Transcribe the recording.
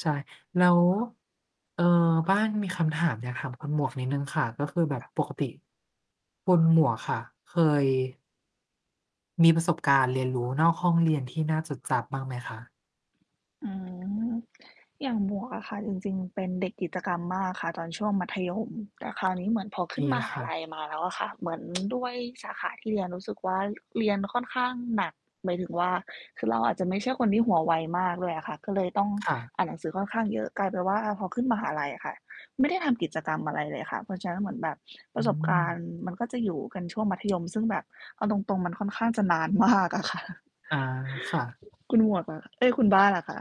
ใช่ แล้ว เอ่อ บ้านมีคำถามอยากถามคุณหมวกนิดหนึ่งค่ะ ก็คือแบบปกติ คุณหมวกค่ะ เคย มีประสบการณ์เรียนรู้นอกห้องเรียน ที่น่าจดจำบ้างไหมคะ? อืม อย่างหมวกอะค่ะ จริง ๆ เป็นเด็กกิจกรรมมากค่ะ ตอนช่วงมัธยม แต่คราวนี้ เหมือน พอขึ้ดนีมหคา่ลัะ ยมาแล้วอะค่ะ เหมือน ด้วยสาขาที่เรียนรู้สึกว่า เรียนค่อนข้างหนัก หมายถึงว่า คือเราอาจจะไม่ใช่คนที่หัวไวมากด้วยอะค่ะ ก็เลยต้องค่ะ อ่านหนังสือค่อนข้างเยอะ กลายเป็นว่า อ่า พอขึ้นมหาลัยอะค่ะ ไม่ได้ทำกิจกรรมอะไรเลยค่ะ เพราะฉะนั้นเหมือนแบบปอรืะสบการณม ์มัน ก็จะอยู่กันช่วง มัธยมซึ่งแบบเอาตรง ๆ มันค่อนข้างจะนาน มาก อะค่ะ อา ค่ะ คุณหมวกเหรอ เอ๊ย คุณบ้านอะคะ?